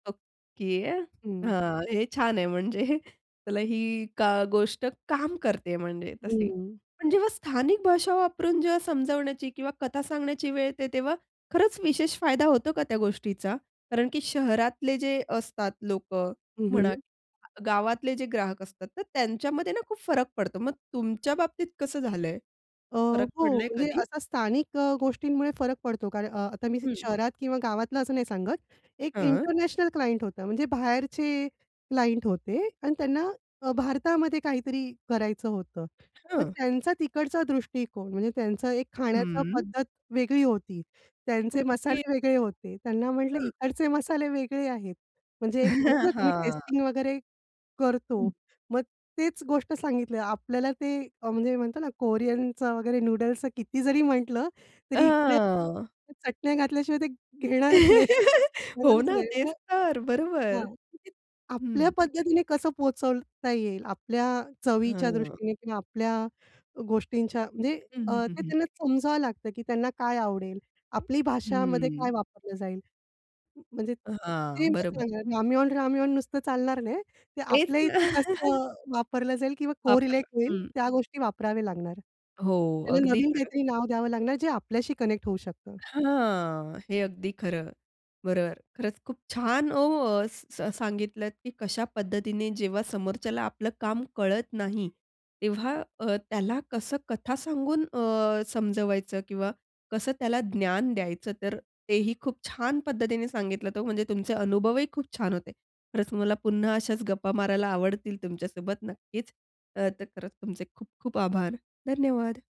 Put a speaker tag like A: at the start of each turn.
A: Okay.
B: हं.
A: हां, हे छान आहे. म्हणजे त्याला ही का गोष्ट काम करते म्हणजे तशी.
B: हंम्म.
A: पण जेव्हा स्थानिक भाषा वापरून जेव्हा समजण्याची किंवा कथा सांगण्याची वेळ येते, तेव्हा खरंच विशेष फायदा होतो का त्या गोष्टीचा? कारण की शहरातले जे असतात लोक
B: हं,
A: म्हणा
B: हं.
A: गावातले जे ग्राहक असतात. तर त्यांच्यामध्ये ना खूप फरक पडतो. मग तुमच्या बाबतीत कसं झालंय?
B: अ,
A: फरक
B: हो,
A: पडलंय
B: म्हणजे
A: कधी?
B: असा स्थानिक अ, गोष्टींमुळे फरक पडतो. कारण अ, आता मी
A: हं.
B: शहरात किंवा गावातलं असं नाही सांगत. एक
A: हां.
B: इंटरनॅशनल क्लायंट होता म्हणजे बाहेरचे क्लायंट होते आणि त्यांना अ, भारतामध्ये काहीतरी करायचं होतं. मग
A: हां.
B: त्यांचा तिकडचा दृष्टिकोन म्हणजे त्यांचं एक खाण्याची
A: हं.
B: पद्धत वेगळी होती. त्यांचे
A: ओके.
B: मसाले वेगळे होते. त्यांना म्हटलं
A: हं.
B: इकडचे मसाले वेगळे आहेत. म्हणजे एक होतं ना तुम्ही
A: हां.
B: टेस्टिंग वगैरे करतो.
A: हं.
B: मग तेच गोष्ट सांगितलं आपल्याला. ते अ, म्हणजे म्हणतात ना कोरियनचं वगैरे नूडल्सच किती जरी म्हटलं,
A: अ,
B: तरी इकडे
A: हां.
B: चटण्या घातल्याशिवाय ते घेणारच नाही,
A: हो
B: घेणारच
A: ना.
B: नाही.
A: तेच तर. बरोबर.
B: हां. आपल्या
A: हं.
B: पद्धतीने कसं पोहचवता येईल. आपल्या चवीच्या
A: हां.
B: दृष्टीने किंवा आपल्या अ, गोष्टींच्या म्हणजे
A: हं,
B: अ,
A: हं, हं,
B: ते
A: हं.
B: त्यांना समजावं लागतं, की त्यांना काय आवडेल. आपली भाषामध्ये काय
A: हं.
B: वापरलं जाईल. म म्हणजे ते
A: हां.
B: मग
A: बरोबर.
B: झालं. रामेन, रामेन नुसतं चालणार नाही. ते
A: तेच
B: आपल्या
A: ना.
B: इथे कसं वापरलं जाईल किंवा कोरिलेट
A: वापरला.
B: होईल
A: हं.
B: त्या गोष्टी वापराव्या लागणार.
A: हो,
B: त्याला
A: अगदी
B: नवीन
A: खरं.
B: काहीतरी नाव द्यावं लागणार जे आपल्याशी कनेक्ट होऊ शकतं.
A: हां. हे अगदी खरं. बरोबर. खरंच खूप छान हो, स सांगितलत, की कशा पद्धतीने जेव्हा समोरच्याला आपलं काम कळत नाही, तेव्हा अ, त्याला कसं कथा सांगून अ, समजवायचं किंवा कसं त्याला ज्ञान द्यायचं. तर तेही खूप छान पद्धतीने सांगितलं, हो. म्हणजे तुमचे अनुभवही खूप छान होते. खरंच मला पुन्हा अशाच गप्पा मारायला आवडतील तुमच्यासोबत नक्कीच. तर खरंच तुमचे खूप-खूप आभार. धन्यवाद.